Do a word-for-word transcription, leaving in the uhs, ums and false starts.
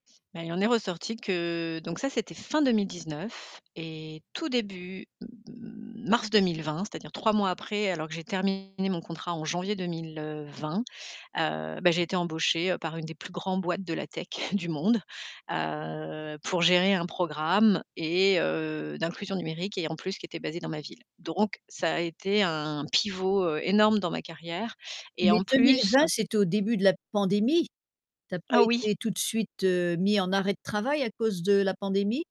Mais il en est ressorti que donc ça c'était fin deux mille dix neuf et tout début, m m mars deux mille vingt, c'est-à-dire trois mois après, alors que j'ai terminé mon contrat en janvier deux mille vingt, heu, ben j'ai été embauchée par une des plus grands boîtes de la tech du monde, heu, pour gérer un programme et heu, d'inclusion numérique et en plus qui était basé dans ma ville, donc ça a été un pivot, heu, énorme dans ma carrière et Mais en deux mille plus vingt, c'était au début de la pandémie. Tu as pas Ah oui. été tout de suite, heu, mis en arrêt de travail à cause de la pandémie?